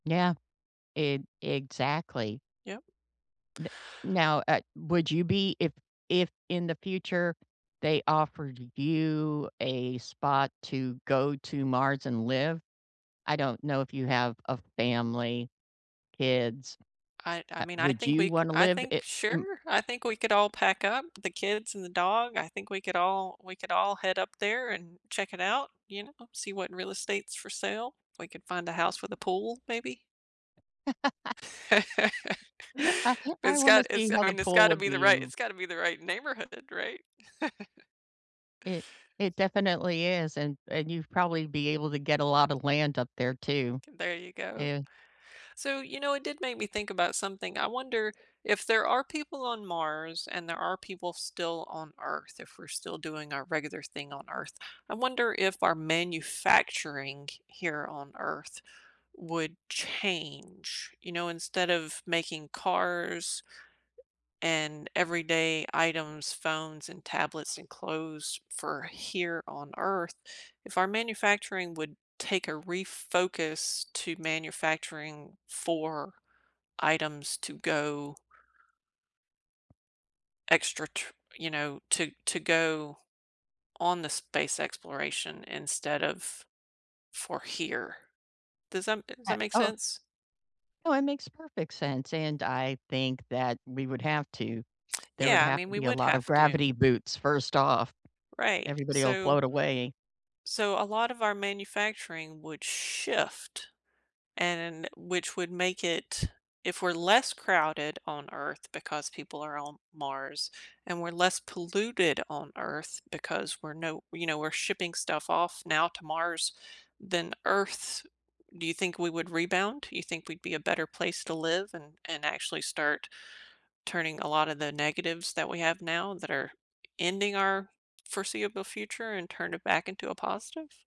Yeah, e exactly. Yep. N now, uh, would you be if if in the future they offered you a spot to go to Mars and live? I don't know if you have a family, kids. I I Uh, mean, I would think you we c wanna I live i think m sure, I think we could all pack up, the kids and the dog, I think we could all we could all head up there and check it out, you know, see what real estates for sale. We could find a house with a pool, maybe. I I It's wanna got it's see how I the mean, it's pool gotta would be the be in right l it's gotta be the right neighborhood then, right? It it definitely is, and and you've probably be able to get a lotta land up there too. There you go. Eh So, you know, it did make me think about something, I wonder if there are people on Mars and there are people still on Earth, if we're still doing our regular thing on Earth, I wonder if our manufacturing here on Earth would change. You know, instead of making cars and everyday items, phones, and tablets, and clothes for here on Earth, if our manufacturing would take a re-focus to manufacturing for items to go extra t you know, to to go on the space exploration instead of for here. Does that does Uh that make oh. sense? Oh, it makes perfect sense, and I think that we would have to. There would Yeah, I have mean, to we be a would lot of have to. gravity boots first off. Right, Everybody'll so float away. so, a lot of our manufacturing would shift. And which would make it if we're less crowded on Earth because people are on Mars, and we're less polluted on Earth because we're no you know, we're shipping stuff off now to Mars than Earth, do you think we would rebound? Do you think we'd be a better place to live and and actually start turning a lotta the negatives that we have now that are ending our foreseeable future and turn it back into a positive?